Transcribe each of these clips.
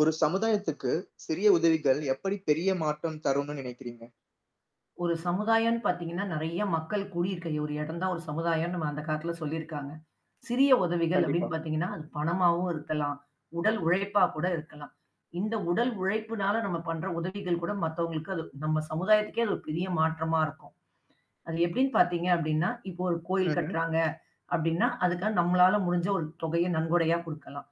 ஒரு சமுதாயத்துக்கு சிறிய உதவிகள் எப்டி பெரிய மாற்றம் தரும்னு நினைக்கிறீங்க? ஒரு சமுதாயம்னு பார்த்தீங்கனா, நிறைய மக்கள் கூடி இருக்கிற ஒரு இடம் தான் ஒரு சமுதாயம்னு நம்ம அந்த காலத்தில சொல்லி இருக்காங்க. சிறிய உதவிகள் கண்டிப்பா. அப்டின்னு பார்த்தீங்கனா, அது பணமாகவும் இருக்கலாம், உடல் உழைப்பா கூட இருக்கலாம். இந்த உடல் உழைப்பினால நம்ம பண்ற உதவிகள் கூட மத்தவங்களுக்கு அது நம்ம சமுதாயத்துக்கே அது ஒரு பெரிய மாற்றமா இருக்கும். அது எப்டின்னு பார்த்தீங்கனா, அப்டினா இப்போ ஒரு கோயில் ம்ஹ்ம். கட்றாங்க அப்டினா அதுக்காக நம்மளால முடுஞ்ச ஒரு தொகைய நன்கொடையா குடுக்கலாம்.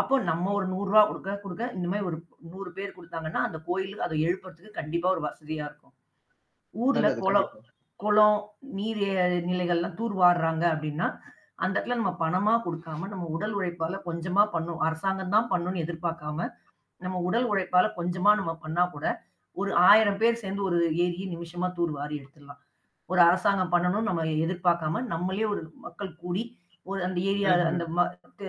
அப்போ, நம்ம ஒரு 100 ரூபாய் குடுக்க குடுக்க இந்த மாரி ஒரு 100 பேர் குடுத்தாங்கனா அந்த கோயிலுக்கு அதை எழுப்புறதுக்கு கண்டிப்பா ஒரு வசதியா இருக்கும். ஊர்ல நல்லது. குளம் கண்டிப்பா. குளம், நீர் நிலைகள்லாம் தூர் வாருறாங்க அப்டினா, அந்த இடத்தில நம்ம பணமா குடுக்காம நம்ம உடல் உழைப்பால கொஞ்சமா பண்ணும். அரசாங்கம் தான் பண்ணும்னு எதிர்பார்க்காம நம்ம உடல் உழைப்பால கொஞ்சமா நம்ம பண்ணா கூட ஒரு 1000 பேர் சேர்ந்து ஒரு ஏரியை நிமிஷமா தூர் வாரி எடுத்துடலாம். ஒரு அரசாங்கம் பண்ணணும்னு நம்ம எதிர்பார்க்காம நம்மளே ஒரு மக்கள் கூடி ஒரு அந்த ஏரியா ம்ஹ்ம். அந்த ம தே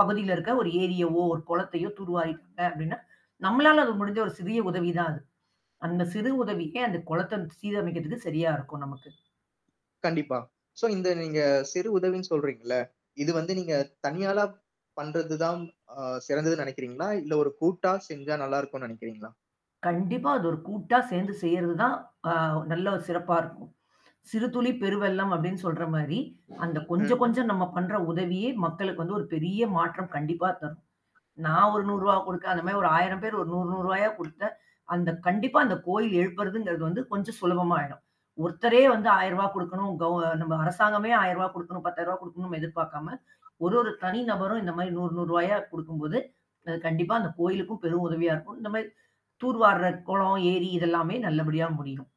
பகுதியில இருக்கிற ஒரு ஏரியவோ, ஒரு குளத்தையோ தூர் வாரிட்டாங்க அப்டின்னா நம்மளால அது முடுஞ்ச ஒரு சிறிய உதவி தான் அது. அந்த சிறு உதவியே அந்த குளத்தை சீரமைப்பதற்கு சரியா இருக்கும் நமக்கு. கண்டிப்பா. சோ, இந்த நீங்க சிறு உதவின்னு சொல்றீங்கள்ல, இது வந்து நீங்க தனியாளா பண்றது தான் அ சிறந்ததுன்னு நினைக்கிறீங்களா? இல்ல ஒரு கூட்டா செஞ்சா நல்லா இருக்கும்னு நினைக்கிறீங்களா? கண்டிப்பா அது ஒரு கூட்டா சேர்ந்து செய்றதுதான் அ நல்ல சிறப்பா இருக்கும். "சிறுதுளி பெருவெள்ளம்" அப்டின்னு சொல்ற மாரி அந்த கொஞ்சம் ம்ஹ்ம். கொஞ்சம் நம்ம பண்ற உதவியே மக்களுக்கு வந்து ஒரு பெரிய மாற்றம் கண்டிப்பா த நான் ஒரு 100 ரூபாய் குடுக்க அந்த மாரி ஒரு 1000 பேர் ஒரு 100- 100 ரூபாய்யா குடுக்க, அந்த கண்டிப்பா அந்த கோயில் எழுப்புறங்கறது வந்து கொஞ்சம் சுலபமா ஆயிடும். ஒருத்தரே வந்து 1000 ரூபா குடுக்கணும். கவ் நம்ம அரசாங்கமே 1000 ரூவா குடுக்கனும், 10,000 ரூவா குடுக்கணும்னு எதிர்பார்க்காம, ஒரு ஒரு தனி நபரும் இந்த மாரி 100, 100 ரூபாய்யா குடுக்கம் போது கண்டிப்பா அந்த கோயிலுக்கும் பெரும் உதவியா இருக்கும். இந்த மாரி தூர் வார்ற கோயில் இது எல்லாமே நல்லபடியா முடியும்.